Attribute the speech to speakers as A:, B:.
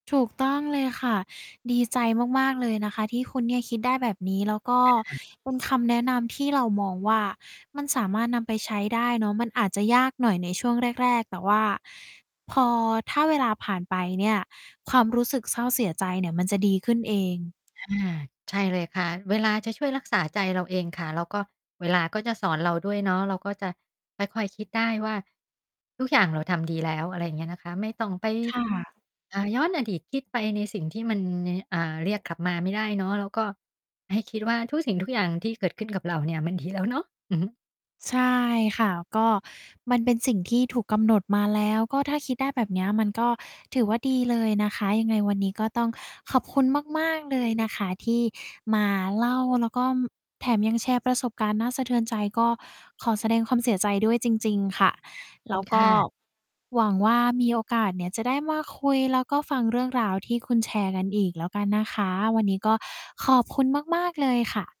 A: ถูกต้องเลยค่ะ ดีใจมาก ๆ เลยนะคะ ที่คุณเนี่ยคิดได้แบบนี้ แล้วก็
B: ค่ะ
A: เป็นคำแนะนำที่เรามองว่า มันสามารถนำไปใช้ได้เนาะ มันอาจจะยากหน่อยในช่วงแรก ๆ แต่ว่าพอ ถ้าเวลาผ่านไปเนี่ย ความรู้สึกเศร้าเสียใจเนี่ย มันจะดีขึ้นเอง
B: อา ใช่เลยค่ะ เวลาจะช่วยรักษาใจเราเองค่ะ แล้วก็เวลาก็จะสอนเราด้วยเนาะ เราก็จะค่อย ๆ คิดได้ว่า ทุกอย่างเราทำ ดีแล้ว อะไรอย่างเงี้ยนะคะ ไม่ต้องไป
A: ค่ะ
B: อ่า ย้อนอดีตคิดไปในสิ่งที่มันนิเนี่ย อ่า เรียกกลับมาไม่ได้เนาะ แล้วก็ให้คิดว่า ทุกสิ่งทุกอย่างที่เกิดขึ้นกับเราเนี่ย มัน ดี แล้วเนาะ อือฮึ
A: ใช่ค่ะ ก็มันเป็นสิ่งที่ถูกกำหนดมาแล้ว ก็ถ้าคิดได้แบบเนี้ย มันก็ถือว่าดีเลยนะคะ ยังไงวันนี้ก็ต้องขอบคุณมาก ๆ เลยนะคะที่มาเล่า แล้วก็ แถมยังแชร์ประสบการณ์น่าสะเทือนใจ ก็ขอแสดงความเสียใจด้วยจริง ๆ ค่ะ
B: ขอบ
A: แล
B: คุ
A: ้
B: ณ
A: วก
B: ค
A: ็
B: ่ะ
A: หวังว่ามีโอกาสเนี่ยจะได้มาคุย แล้วก็ฟังเรื่องราวที่คุณแชร์กันอีกแล้วกันนะคะ วันนี้ก็ขอบคุณมาก ๆ เลยค่ะ